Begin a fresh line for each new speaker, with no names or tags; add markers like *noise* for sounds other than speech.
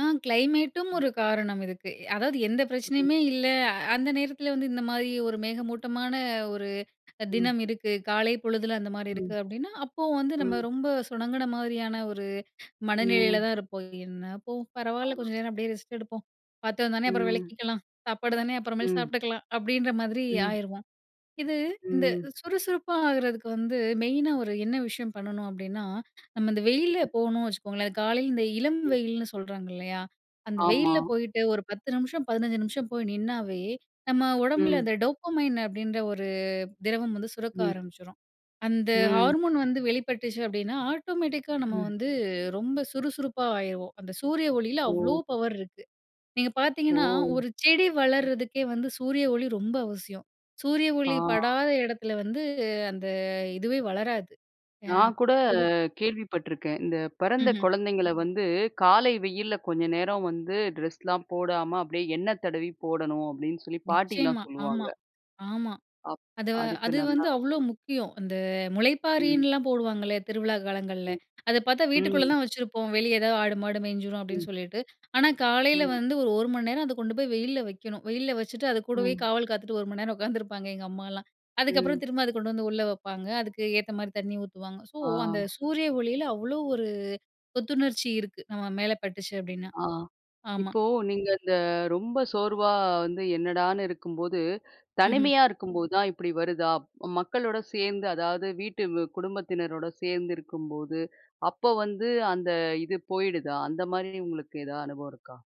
ஆ கிளைமேட்டும் ஒரு காரணம் இருக்கு. அதாவது எந்த பிரச்சனையுமே இல்ல, அந்த நேரத்தில வந்து இந்த மாதிரி ஒரு மேகமூட்டமான ஒரு
ம்.
தினம் இருக்கு, காலை பொழுதில அந்த மாரி இருக்கு.
ம்.
அப்படின்னா, அப்போ வந்து நம்ம
ம்.
ரொம்ப சுனங்குன மாரியான ஒரு மனநிலையில
ம்.
தான் இருப்போம். என்ன போ, பரவாயில்ல
ஆமா.
கொஞ்ச நேரம் அப்படியே ரெஸ்ட் எடுப்போம். பாத்திரம்தான அப்புறம்
ம்.
விளக்கிக்கலாம். சாப்பாடு தானே அப்புறமேல
ம்.
சாப்பிட்டுக்கலாம். அப்டீன்ற மாரி
ம்.
ஆயிருவோம். இது இந்த
ம்.
சுறுசுறுப்பா ஆகுறதுக்கு வந்து மெயினா ஒரு என்ன விஷயம் பண்ணணும் அப்படீனா, நம்ம இந்த வெயில்ல போணும்னு வச்சுக்கோங்களேன் காலையில இந்த இளம்
ம்.
வெயிலுன்னு சொல்றாங்க இல்லையா? அந்த
ஆமா.
வெயில்ல போயிட்டு ஒரு 10 நிமிஷம், 15 நிமிஷம் போய் நின்னாவே நம்ம உடம்பில
ம்.
அந்த டோப்பமைன் அப்படின்ற ஒரு திரவம் வந்து சுரக்க
ம்.
ஆரம்பிச்சுரும். அந்த
ம்.
ஹார்மோன் வந்து வெளிப்பட்டுச்சு அப்படீன்னா ஆட்டோமேட்டிக்கா நம்ம
ம்.
வந்து ரொம்ப சுறுசுறுப்பா ஆயிருவோம். அந்த சூரிய ஒளியில அவ்ளோ
ஓ!
பவர் இருக்கு. நீங்க
ஓ!
பார்த்தீங்கன்னா, ஒரு செடி வளர்றதுக்கே வந்து சூரிய ஒளி ரொம்ப அவசியம். சூரிய ஒளி
ஆ.
படாத இடத்துல வந்து அந்த இதுவே வளராது. ஆ
நான் கூட
பொது
கேள்விப்பட்டுருக்கேன். இந்த பிறந்த
ம்ஹ்ம்.
குழந்தைங்கள வந்து காலை வெயில்ல கொஞ்சம் நேரம் வந்து ட்ரெஸ்லாம் போடாம அப்படியே எண்ணெய் தடவி போடணும். அப்படின்னு, சொல்லி பாட்டிலாம்
நிச்சயமா. ஆமா,
சொல்லுவாங்க.
ஆமா.
அப்
அது வ
அதுக்கு
அது
நல்லா
வந்து அவ்வளோ
இருக்கும்னு.
முக்கியம். அந்த
ம்.
முளைப்பாரின்லாம் போடுவாங்கள திருவிழா காலங்கள்ல
ம்.
அத பார்த்தா வீட்டுக்குள்ள
ம்.
தான் வெச்சிருப்போம். வெளிய எதாவது ஆடு மாடு மேஞ்சிரும். அப்படீன்னு,
ம்.
சொல்லிட்டு. ஆனா, காலையில
ம்.
வந்து ஒரு 1 மணி நேரம் அத கொண்டு போய் வெயில்ல வெக்கணும். *chuckles* வெயில்ல வெச்சுட்டு, அது கூடவே
ம்.
காவல் காத்துட்டு 1 மணி நேரம் உட்காந்துருப்பாங்க எங்கம்மாலாம் அதுக்கப்புறம்
ம்.
திரும்ப அத கொண்டு வந்து உள்ள வப்பாங்க. அதுக்கு ஏத்த மாரி தண்ணி ஊத்துவாங்க. ஸோ
ஆ.
அந்த சூரிய ஒளியில அவ்வளோ ஒரு புத்துணர்ச்சி இருக்கு. நம்ம மேல பட்டுச்சு அப்டீனா
ஆ,
ஆமா.
இப்போ நீங்க இந்த ரொம்ப சோர்வா வந்து என்னடான்னு இருக்கும்போது.
ம்ஹ்ம்.
தனிமையா இருக்கும்போது தான் இப்படி வருதா, மக்களோட சேர்ந்து அதாவது வீட்டு குடும்பத்தினரோட சேர்ந்திருக்கும்போது, அப்போ வந்து அந்த இது போயிடுதா. அந்த மாரி உங்களுக்கு ஏதாவது அனுபவம் இருக்கா?